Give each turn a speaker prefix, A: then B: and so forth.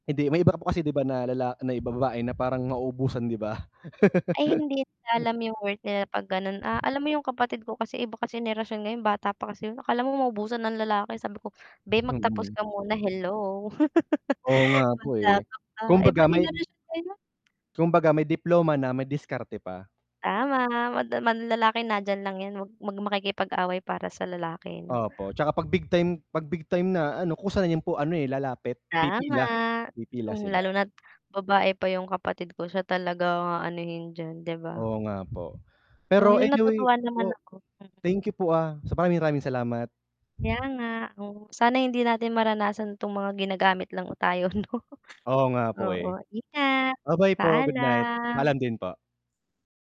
A: Hindi, may iba po kasi 'di ba, na lala na iba babae na parang mauubusan, 'di ba?
B: Ay, hindi nila alam 'yong worth nila 'pag gano'n, ah, alam mo 'yong kapatid ko kasi, iba kasi henerasyon ngayon, bata pa kasi 'yon, akala mo maubusan ng lalaki, sabi ko, "Beh, magtapos
A: Mm.
B: ka muna, hello?"
A: Oo nga po,
B: "Bata
A: eh,
B: ka pa." Iba
A: kumbaga may
B: henerasyon ngayon, 'no?
A: kumbaga may diploma na, may diskarte pa.
B: Tama. Mad man lalaki nandiyan lang 'yan, huwag mag makikipag-away para sa lalaki, 'no.
A: Opo, 'tsaka 'pag big time 'pag big time na, ano, kusa na 'yan po ano, eh, lalapit,
B: Tama.
A: pipila pipila
B: Hmm, lalo
A: sila.
B: na't babae pa 'yong kapatid ko, siya talaga ang aanuhin diyan, 'di ba?
A: Oo nga po,
B: Oh,
A: pero
B: 'yon,
A: anyway
B: natutuwa naman
A: po?
B: ako, hmm.
A: Thank you po, ah, sabagay maraming salamat.
B: Kaya nga, oh, sana hindi natin maranasan 'tong mga ginagamit lang tayo 'no?
A: Oo nga po,
B: Oo,
A: eh.
B: ingat.
A: Okey po, goodnight; paalam
B: Paalam.
A: din po.